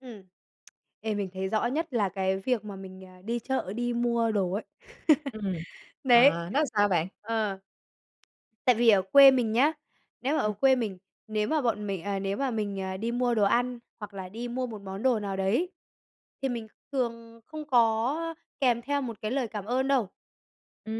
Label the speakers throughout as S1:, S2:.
S1: Ừm. Ê, mình thấy rõ nhất là cái việc mà mình, à, đi chợ, đi mua đồ ấy.
S2: Ừm, ờ,
S1: Đấy,
S2: nó làm sao bạn?
S1: ờ. Tại vì ở quê mình nhá, nếu mà ở
S2: Ừm.
S1: quê mình, nếu mà bọn mình ờ, nếu mà mình, ờ, đi mua đồ ăn hoặc là đi mua một món đồ nào đấy thì mình thường không có kèm theo một cái lời cảm ơn đâu.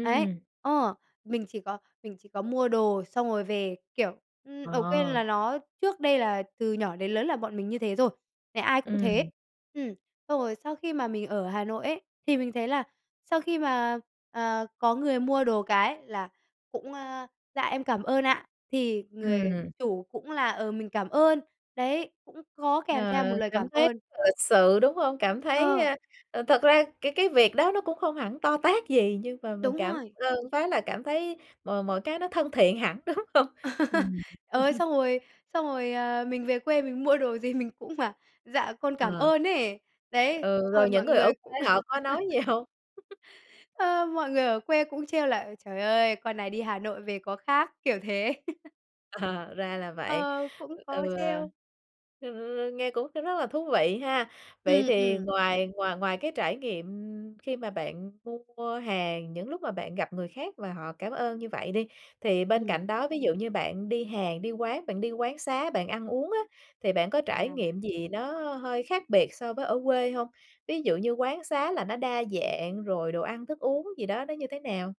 S1: Ấy, ờ, mình chỉ có mình chỉ có mua đồ xong rồi về, kiểu, ừm, ở quên
S2: Ờ.
S1: là nó trước đây là từ nhỏ đến lớn là bọn mình như thế rồi, nhà ai cũng
S2: Ừm.
S1: thế. Ừm, xong rồi sau khi mà mình ở Hà Nội ấy, thì mình thấy là sau khi mà, ờ, có người mua đồ cái là cũng a: "Dạ em cảm ơn ạ!" thì người
S2: Ừm.
S1: chủ cũng là "Ờ, mình cảm ơn." Đấy, cũng có kèm
S2: Ờ,
S1: theo một lời cảm
S2: cảm thấy
S1: ơn.
S2: là lịch sự, đúng hông? Cảm thấy,
S1: Ờ.
S2: ơ, ờ, thực ra cái cái việc đó nó cũng không hẳn to tát gì nhưng mà mình
S1: Đúng
S2: cảm
S1: rồi.
S2: ơn phát là cảm thấy mọi mọi cái nó thân thiện hẳn, đúng hông? Ừm.
S1: Ờ, xong rồi xong rồi, ờ, mình về quê mình mua đồ gì mình cũng bảo: "Dạ con cảm
S2: Ờ.
S1: ơn." ấy. Đấy,
S2: Ừ,
S1: xong rồi
S2: rồi những
S1: mọi
S2: người
S1: người
S2: ở
S1: cũng
S2: quê họ có nói gì hông?
S1: ờ, mọi người ở quê cũng trêu là "Ơi, trời ơi, con này đi Hà Nội về có khác!", kiểu thế.
S2: Ờ, ra là vậy.
S1: Ờ, cũng có
S2: Ừ,
S1: trêu.
S2: hừm, nghe cũng r rất là thú vị ha. Vậy
S1: Ừm,
S2: thì
S1: ừm.
S2: ngoài ngoài ngoài cái trải nghiệm khi mà bạn mua hàng, những lúc mà bạn gặp người khác và họ cảm ơn như vậy đi, thì bên
S1: Ừm.
S2: cạnh đó, ví dụ như bạn đi hàng, đi quán, bạn đi quán xá, bạn ăn uống á, thì bạn có trải
S1: À.
S2: nghiệm gì nó hơi khác biệt so với ở quê hông? Ví dụ như quán xá là nó đa dạng, rồi đồ ăn thức uống gì đó nó như thế nào?